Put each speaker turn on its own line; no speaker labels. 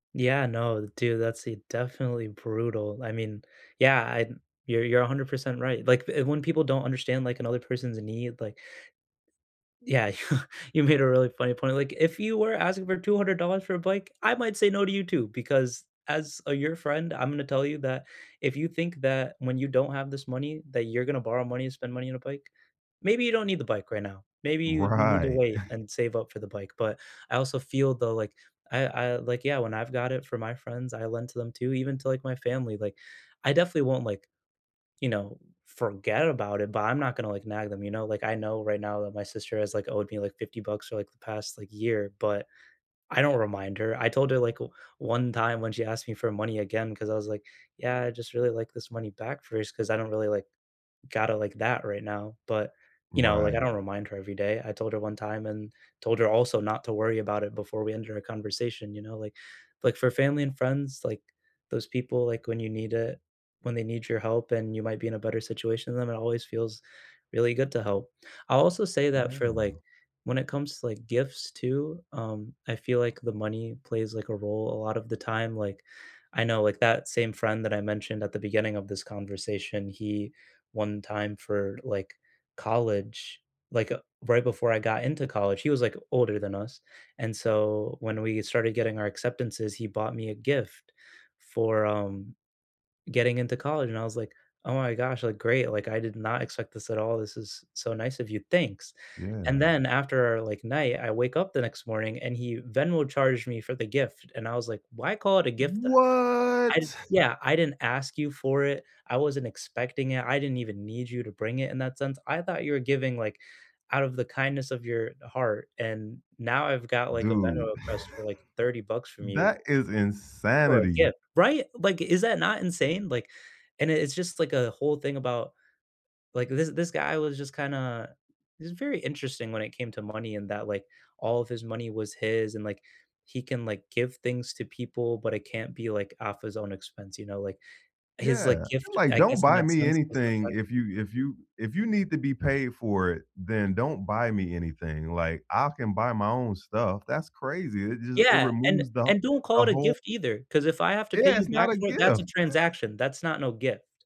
Yeah, no, dude, that's definitely brutal. I mean, yeah, I you're you're 100% right. Like, when people don't understand, like, another person's need, like Yeah, you you made a really funny point. Like, "If you were asking for $200 for a bike, I might say no to you too, because as, uh, your friend, I'm gonna tell you that if you think that when you don't have this money, that you're going to borrow money and spend money on a bike, maybe you don't need the bike right now. Maybe you need to
Right.
wait and save up for the bike," but, I also feel though, like, I I like yeah, when I've got it for my friends, I lend to them too, even to, like, my family, like, I definitely won't, like, you know, forget about it, but I'm not gonna, like, nag them, you know, like, I know right now that my sister has, like, owed me like 50 bucks for, like, the past, like, year, but, I don't remind her. I told her, like, one time when she asked me for money again, 'cause I was, like, "Yeah, I'd just really, like, this money back first, 'cause I don't really, like, got it, like, that right now." But, you know, like, I
Right.
don't remind her every day. I told her one time and told her also not to worry about it before we ended our conversation, you know, like like for family and friends, like, those people, like, when you need it. When they need your help and you might be in a better situation than them, it always feels really good to help. I'll also say that,
Yeah.
for, like, when it comes to, like, gifts too, um, I feel, like, the money plays, like, a role a lot of the time. Like, I know like that same friend that I mentioned at the beginning of this conversation, he, one time for, like, college, like, uh, right before I got into college, he was, like, older than us and so when we started getting our acceptances, he bought me a gift for, um, getting into college and I was, like, "Oh my gosh," like, "great," like, "I did not expect this at all. This is so nice of you. Thanks." And
Yeah.
then after, like, night, I wake up the next morning and he Venmo charged me for the gift and I was, like, why call it a gift then? I
What?
yeah, "I didn't ask you for it. I wasn't expecting it. I didn't even need you to bring it in that sense. I thought you were giving," like, "out of the kindness of your heart, and now I've got," like, "a Venmo
Dude,
request for," like, "30 bucks from you."
that is
For a
insanity.
gift right, like, is that not insane? Like, and it's just, like, a whole thing about like, this this guy was just kinda he's very interesting when it came to money and that, like, all of his money was his and, like, he can, like, give things to people but it can't be, like, off his own expense, you know, like, his, like,
Yeah,
gift
like,
I
"Don't
guess in
buy
that
me
sense was the
anything
fact that
if
he
you if you if you need to be paid for it, then don't buy me anything." Like, "I can buy my own stuff." That's crazy. It just, it
Yeah, and
removes the
and, "Don't
the
call it a
whole
gift either, 'cause if I have to pay
Yeah,
you
it's not
back
a
for it, that's
gift.
a transaction, that's not no gift."